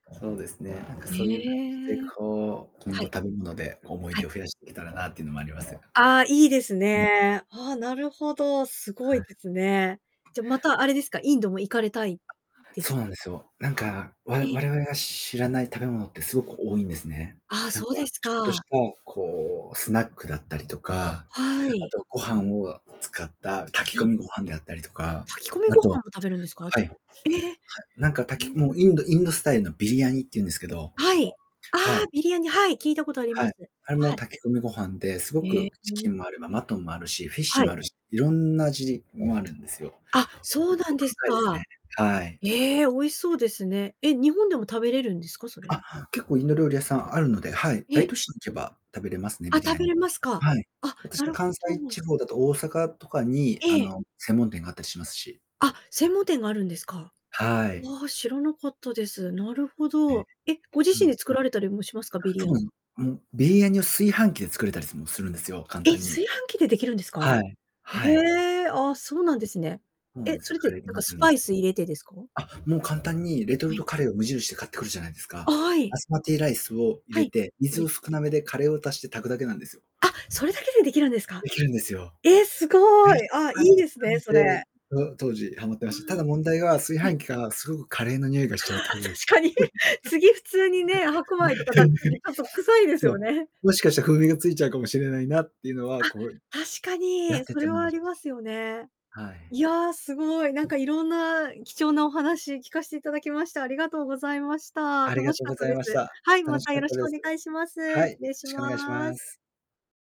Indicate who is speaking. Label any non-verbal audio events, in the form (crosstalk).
Speaker 1: そうですね。なんか
Speaker 2: へ
Speaker 1: そういう感じで、
Speaker 2: え。
Speaker 1: こう、今
Speaker 2: は
Speaker 1: 後
Speaker 2: い。
Speaker 1: 食べ物で思い
Speaker 2: は
Speaker 1: 出
Speaker 2: い。
Speaker 1: を増やしていけたらなっていうのもあります。
Speaker 2: ああ、いいです
Speaker 1: うん。
Speaker 2: ね。ああ、なるほど、凄
Speaker 1: は
Speaker 2: い
Speaker 1: い。
Speaker 2: ですね。じゃ、またあれですか、インドも行かれたいです
Speaker 1: そうなんですよ。なんか、わ
Speaker 2: え。
Speaker 1: 我々が知らない食べ物ってすごく多いんですね。
Speaker 2: ああ、
Speaker 1: なんか、
Speaker 2: そうです
Speaker 1: ちょっと
Speaker 2: か。
Speaker 1: したこうスナックだったりとか、
Speaker 2: は
Speaker 1: あ
Speaker 2: い。
Speaker 1: とご飯を使った炊
Speaker 2: は
Speaker 1: き込
Speaker 2: い。
Speaker 1: みご飯であったりとか、
Speaker 2: 炊き込み
Speaker 1: あ
Speaker 2: ご飯
Speaker 1: と、
Speaker 2: を食べるんですか？
Speaker 1: はい。
Speaker 2: え、
Speaker 1: なんか炊き
Speaker 2: え。
Speaker 1: もうインドインドスタイルのビリヤニっていうんですけど、
Speaker 2: はい。あ
Speaker 1: は
Speaker 2: あ、
Speaker 1: い。
Speaker 2: ビリヤニ、はい、聞いたことありま
Speaker 1: はい。
Speaker 2: す。
Speaker 1: あれも
Speaker 2: はい。
Speaker 1: 炊き込みご飯で、すご
Speaker 2: ええ
Speaker 1: く
Speaker 2: え
Speaker 1: チ
Speaker 2: え
Speaker 1: キンもあれば
Speaker 2: え
Speaker 1: マ
Speaker 2: え。
Speaker 1: トンもあるし、フィッシ
Speaker 2: は
Speaker 1: ュも
Speaker 2: い。
Speaker 1: あるし、色んな味もあるんですよ。
Speaker 2: あ、
Speaker 1: 奥
Speaker 2: そうなん
Speaker 1: 奥
Speaker 2: です
Speaker 1: 深いですね。
Speaker 2: か。
Speaker 1: はい。
Speaker 2: ええ、美味しそうですね。え、日本でも食べれるんですか？それ。
Speaker 1: あ、結構インド料理屋さんあるので、はい。
Speaker 2: ええ。
Speaker 1: 大都市に行けば食べれますね。
Speaker 2: あ、
Speaker 1: ビリ
Speaker 2: 食
Speaker 1: ヤ
Speaker 2: べ
Speaker 1: ニ。
Speaker 2: れますか？
Speaker 1: はい。
Speaker 2: あ、な
Speaker 1: 私
Speaker 2: る
Speaker 1: 関
Speaker 2: ほ
Speaker 1: 西
Speaker 2: ど。
Speaker 1: 地方だと大阪とかにあ
Speaker 2: ええ。
Speaker 1: の専門店があったりしますし。
Speaker 2: あ、専門店があるんですか？
Speaker 1: はい。
Speaker 2: おわ、知らなかったです。なるほ
Speaker 1: うん。
Speaker 2: ど。え、ご自
Speaker 1: うん-う
Speaker 2: 身で
Speaker 1: ん。
Speaker 2: 作られたりもしますか？ビリアニ。
Speaker 1: そう、もうビリヤニを炊飯器で作れたりもするんですよ、簡
Speaker 2: え、
Speaker 1: 単に。
Speaker 2: 炊飯器で出来るんですか、あ
Speaker 1: は
Speaker 2: れ？
Speaker 1: い、
Speaker 2: へ
Speaker 1: はい。
Speaker 2: え、あ、そうなんですね。
Speaker 1: そうなん
Speaker 2: え、
Speaker 1: です
Speaker 2: そ
Speaker 1: よ。
Speaker 2: れっ
Speaker 1: カ
Speaker 2: て
Speaker 1: レー
Speaker 2: な
Speaker 1: に
Speaker 2: んかスパイス入れてですか？
Speaker 1: (unintelligible) あ、もう簡単にレト
Speaker 2: は
Speaker 1: ル
Speaker 2: い。
Speaker 1: トカレーを無印で買ってくるじゃないです
Speaker 2: あ、
Speaker 1: か。
Speaker 2: はい。
Speaker 1: バスマティライスを入
Speaker 2: は
Speaker 1: れ
Speaker 2: い。
Speaker 1: て、
Speaker 2: 入
Speaker 1: 水
Speaker 2: れて。
Speaker 1: を少なめでカレーを足して炊くだけなんですよ。
Speaker 2: あ、それだけでできるんですか？
Speaker 1: できるんですよ。
Speaker 2: ええ、す
Speaker 1: め
Speaker 2: ご
Speaker 1: っち
Speaker 2: い。あ、
Speaker 1: ゃ簡
Speaker 2: いいですね、
Speaker 1: 単
Speaker 2: そ
Speaker 1: で、
Speaker 2: れ。
Speaker 1: と当時はまって
Speaker 2: あ
Speaker 1: ました。ただ問題は炊
Speaker 2: あ、はい。
Speaker 1: 飯器がすごくカレーの匂いがしちゃうってい
Speaker 2: (chuckles)
Speaker 1: うこと
Speaker 2: あ、
Speaker 1: です。
Speaker 2: 確かに。
Speaker 1: (laughs)
Speaker 2: 次普通にね、白米とか炊く時ち
Speaker 1: (laughs)
Speaker 2: ょっと臭いです
Speaker 1: そう、
Speaker 2: よね。
Speaker 1: もしかしたら風味がついちゃうかもしれないなっていうのは、
Speaker 2: あ、
Speaker 1: こう、
Speaker 2: 確か
Speaker 1: やっ
Speaker 2: に、
Speaker 1: て
Speaker 2: そ
Speaker 1: て
Speaker 2: れ
Speaker 1: も
Speaker 2: はありますよね。
Speaker 1: はい。
Speaker 2: いや、すごい、なんかいろんな貴重なお話聞かせていただきまして、ありがとうございました。
Speaker 1: ありが
Speaker 2: 楽し
Speaker 1: とう
Speaker 2: かっ
Speaker 1: ご
Speaker 2: た
Speaker 1: ざい
Speaker 2: です。
Speaker 1: ました。
Speaker 2: はい、
Speaker 1: 楽
Speaker 2: ま
Speaker 1: し
Speaker 2: た
Speaker 1: か
Speaker 2: よ
Speaker 1: っ
Speaker 2: ろ
Speaker 1: た
Speaker 2: しく
Speaker 1: で
Speaker 2: お
Speaker 1: す。
Speaker 2: 願いします。
Speaker 1: はい、
Speaker 2: 失
Speaker 1: よろ
Speaker 2: 礼し
Speaker 1: しくお願いし
Speaker 2: ま
Speaker 1: ま
Speaker 2: す。
Speaker 1: す。